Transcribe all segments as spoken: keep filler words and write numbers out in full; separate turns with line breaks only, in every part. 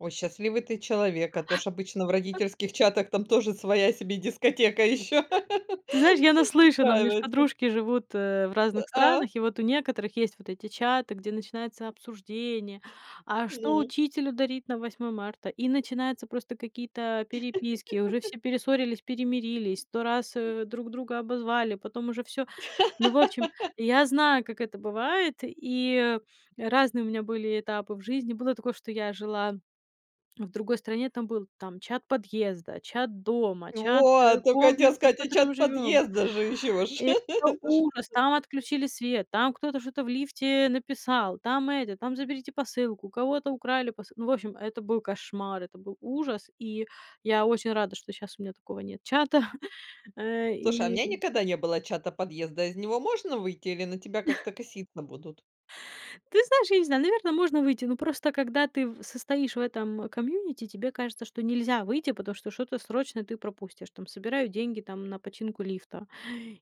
О, счастливый ты человек, а то ж обычно в родительских чатах там тоже своя себе дискотека ещё
Ты знаешь, я наслышана, у меня ж
устраивается.
подружки живут, э, в
Ы
разных
а.
странах, и вот у некоторых есть вот эти чаты, где начинается обсуждение: "А что
Ну.
учителю дарить на Восьмое марта?" И начинаются просто какие-то, а, переписки, уже все перессорились, перемирились, сто раз, э, друг друга обозвали, потом уже всё. Ну, в общем, и я знаю, как это бывает, и, а, разные у меня были этапы в жизни. Было такое, что я жила, а, в другой стране. Там был там чат подъезда, чат дома,
И
чат, э,
вот, тока хотела
комплекса, в
сказать, и
котором
чат
живём.
подъезда же ещё ж.
И это
Это ж
ужас. Там отключили свет, там кто-то что-то в лифте написал, там это, там заберите посылку, у кого-то украли посылку. Ну, в общем, это был кошмар, это был ужас. И я очень рада, что щас у меня такого нет чата, э,
Слушай, а у
и
меня никогда не было чата подъезда, из него можно выйти или на тебя как-то коситься будут?
Ты знаешь, я не знаю, наверно, можно выйти. Но просто когда ты в состоишь в этом, комьюнити, тебе кажется, что нельзя выйти, потому что что-то срочное ты пропустишь. Там собирают деньги, там, на починку лифта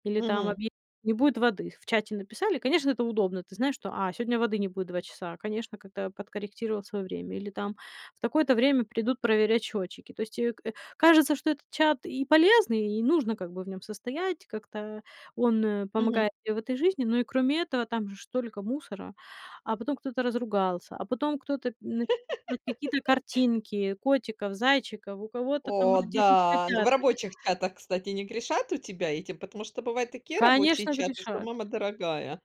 или там
Мгм.
объя там не будет воды. В чате написали, конечно, это удобно. Ты знаешь, что: "А, сегодня воды не будет два часа". А, конечно, как-то подкорректировал своё время или там: "В такое-то время придут проверять счётчики". То есть, э, к э, кажется, что этот чат и полезный, и нужно как бы в нём состоять, как-то он, э,
Мгм.
помогает мне в этой жизни. Но и кроме этого, там же ж столько мусора, а потом кто-то разругался, а потом кто-то мн [unintelligible] какие-то картинки котиков, зайчиков, у кого-то там
О
родились
да, н в
котята.
рабочих чатах, кстати, не грешат у тебя этим? Потому что бывают такие рабочие
Конечно,
чаты, что
грешат.
мама дорогая.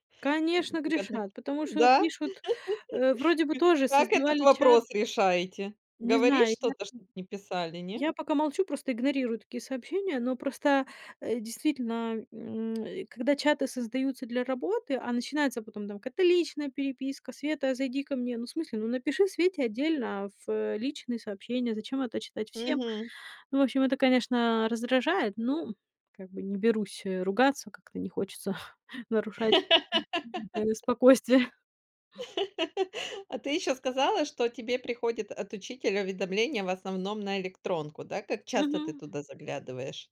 М
Конечно,
выгодно к
грешат. Потому что
Да?
пишут, э, вроде бы
Кы
тоже
как этот
создавали чат.
вопрос решаете?
Не
Говоришь
знаю, я
что-то, чтоб не писали, не?
Я пока молчу, просто игнорирую такие сообщения, но просто, э, действительно, м, э, когда чаты создаются для работы, а, начинается потом там какая-то личная переписка: "Света, а, зайди ко мне". Ну, в смысле, ну, напиши Свете отдельно, а, фэ личные сообщения, зачем это читать всем?
Мгм.
Ну в общем, это, конечно, раздражает. Ну, как бы не берусь, э, ругаться, как-то не хочется нарушать, а, ну спокойствие.
А ты ещё сказала, что тебе приходит от учителя уведомление в основном на электронку, да. Как часто ты
Мгм.
туда заглядываешь?